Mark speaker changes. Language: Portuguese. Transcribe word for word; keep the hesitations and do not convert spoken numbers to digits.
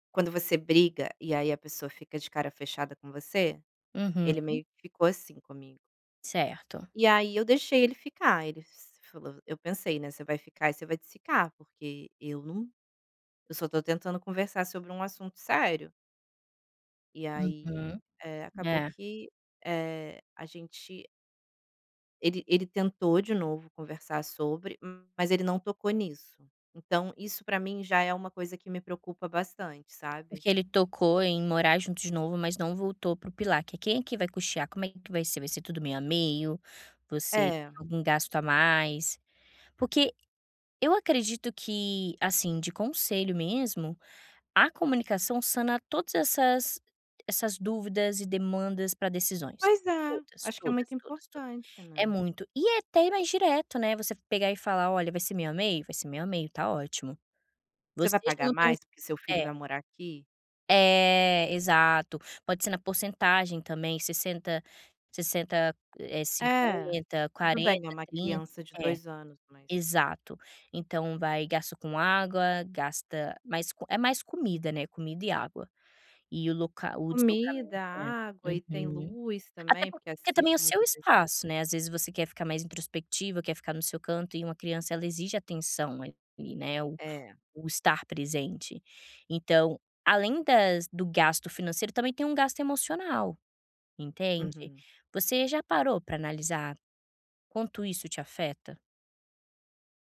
Speaker 1: Quando você briga e aí a pessoa fica de cara fechada com você, ele
Speaker 2: Uhum.
Speaker 1: meio que ficou assim comigo.
Speaker 2: Certo.
Speaker 1: E aí eu deixei ele ficar, ele se falou eu pensei, né, "Você vai ficar e vai desficar, porque eu não eu só tô tentando conversar sobre um assunto sério". E aí,
Speaker 2: Uhum,
Speaker 1: eh, acabou
Speaker 2: é.
Speaker 1: que, eh, a gente ele ele tentou de novo conversar sobre, mas ele não tocou nisso. Então, isso pra mim já é uma coisa que me preocupa bastante, sabe.
Speaker 2: Porque ele tocou em ir morar junto de novo, mas não voltou para o pilar, que é, quem é que vai custear, como é que vai ser, vai ser tudo meio a meio, você
Speaker 1: É.
Speaker 2: tem algum gasto a mais, porque eu acredito que, assim, de conselho mesmo, a comunicação sana todas essas essas dúvidas e demandas pra decisões,
Speaker 1: Pois é,
Speaker 2: todas
Speaker 1: acho que é muito
Speaker 2: todas todas todas.
Speaker 1: importante,
Speaker 2: É
Speaker 1: né.
Speaker 2: muito e até mais direto, né, você pegar e falar "Olha, vai ser meio a meio? Vai ser meio, tá ótimo.",
Speaker 1: Você
Speaker 2: você
Speaker 1: vai
Speaker 2: já
Speaker 1: pagar
Speaker 2: não tem o
Speaker 1: mais, porque seu filho
Speaker 2: É.
Speaker 1: vai morar aqui?
Speaker 2: É, exato. Pode ser na porcentagem também sessenta sessenta eh,
Speaker 1: É,
Speaker 2: cinquenta
Speaker 1: tudo bem é
Speaker 2: quarenta
Speaker 1: uma
Speaker 2: trinta.
Speaker 1: criança de
Speaker 2: É,
Speaker 1: dois anos, mas
Speaker 2: exato, então, vai gasto com água, gasta mais co é mais comida, né, comida e água, e o local o deslocamento
Speaker 1: Comida,
Speaker 2: É,
Speaker 1: água e tem
Speaker 2: uhum.
Speaker 1: luz
Speaker 2: Até
Speaker 1: também, porque
Speaker 2: porque também é o
Speaker 1: assiste
Speaker 2: seu
Speaker 1: muita TV.
Speaker 2: espaço, né, às vezes, você quer ficar mais introspectiva, quer ficar no seu canto e uma criança ela exige atenção ali, né, o
Speaker 1: É.
Speaker 2: o estar presente, então, além das do gasto financeiro também tem um gasto emocional, entende.
Speaker 1: Uhum.
Speaker 2: Você já parou pra analisar quanto isso te afeta?